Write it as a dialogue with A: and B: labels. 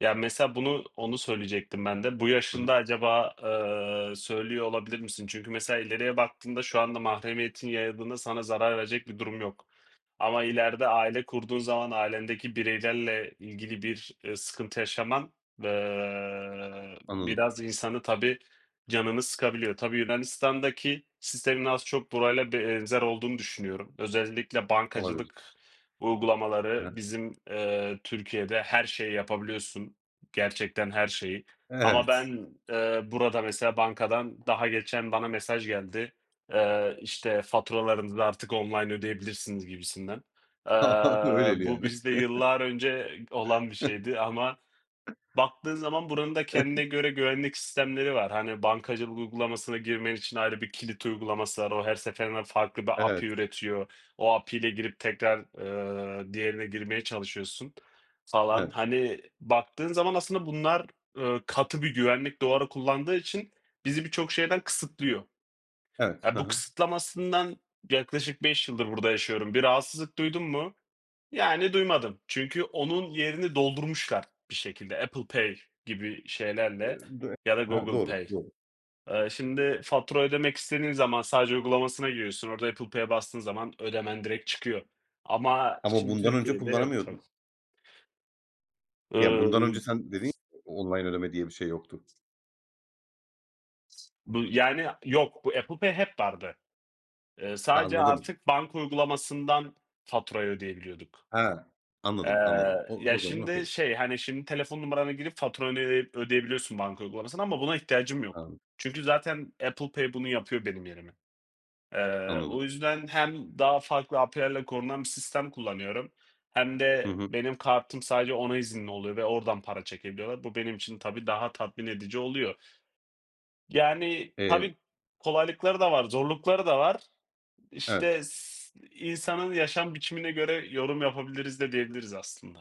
A: Ya, mesela bunu onu söyleyecektim ben de. Bu
B: Hı hı.
A: yaşında acaba, ııı, söylüyor olabilir misin? Çünkü mesela, ileriye baktığımda şu anda mahremiyetin yayıldığında sana zarar verecek bir durum yok. Ama ileride aile kurduğun zaman ailendeki bireylerle ilgili bir sıkıntı yaşaman, ııı,
B: Anladım.
A: biraz insanı tabii, canını sıkabiliyor. Tabii Yunanistan'daki sistemin az çok burayla benzer olduğunu düşünüyorum. Özellikle
B: Olabilir.
A: bankacılık
B: He he.
A: uygulamaları. Bizim, eee, Türkiye'de her şeyi yapabiliyorsun, gerçekten her şeyi. Ama
B: Evet.
A: ben, eee, burada mesela bankadan daha geçen bana mesaj geldi, eee, işte, faturalarınızı artık online ödeyebilirsiniz gibisinden. Eee,
B: Öyleli
A: bu
B: yani.
A: bizde yıllar önce olan bir şeydi. Ama baktığın zaman buranın da kendine göre güvenlik sistemleri var. Hani, bankacılık uygulamasına girmen için ayrı bir kilit uygulaması var. O her seferinde farklı bir API
B: Evet.
A: üretiyor. O API ile girip tekrar, eee, diğerine girmeye çalışıyorsun falan.
B: Evet.
A: Hani, baktığın zaman aslında bunlar, ııı, katı bir güvenlik duvarı kullandığı için bizi birçok şeyden kısıtlıyor.
B: Evet.
A: Eee,
B: Ha
A: bu
B: ha.
A: kısıtlamasından yaklaşık 5 yıldır burada yaşıyorum. Bir rahatsızlık duydum mu? Yani duymadım. Çünkü onun yerini doldurmuşlar bir şekilde Apple Pay gibi
B: Eee,
A: şeylerle
B: do e
A: ya da
B: he he,
A: Google
B: doğru,
A: Pay.
B: doğru.
A: Eee, şimdi fatura ödemek istediğin zaman sadece uygulamasına giriyorsun. Orada Apple Pay'e bastığın zaman ödemen direkt çıkıyor. Ama
B: Ama
A: şimdi
B: bundan önce
A: Türkiye'de yok tabii.
B: kullanamıyordun. Ya,
A: Iıı
B: bundan önce
A: y
B: sen dedin ya:
A: s
B: "O online ödeme diye bir şey yoktu."
A: Bu yani yok, bu Apple Pay hep vardı. Eee,
B: Ha,
A: sadece
B: anladım.
A: artık banka uygulamasından faturayı ödeyebiliyorduk.
B: He,
A: Eee,
B: anladım, anladım. O
A: ya,
B: o zaman
A: şimdi
B: okay.
A: şey, hani, şimdi telefon numaranı girip faturanı, eee, ödeyebiliyorsun banka uygulamasından ama buna ihtiyacım yok.
B: Anl
A: Çünkü zaten Apple Pay bunu yapıyor benim yerime. Eee, o
B: Anladım.
A: yüzden hem daha farklı API'lerle korunan bir sistem kullanıyorum, hem
B: Hı
A: de
B: hı.
A: benim kartım sadece ona izinli oluyor ve oradan para çekebiliyorlar. Bu benim için tabii daha tatmin edici oluyor. Yani
B: Eee
A: tabii kolaylıkları da var, zorlukları da var. İşte,
B: Evet.
A: s iii, insanın yaşam biçimine göre yorum yapabiliriz de diyebiliriz aslında.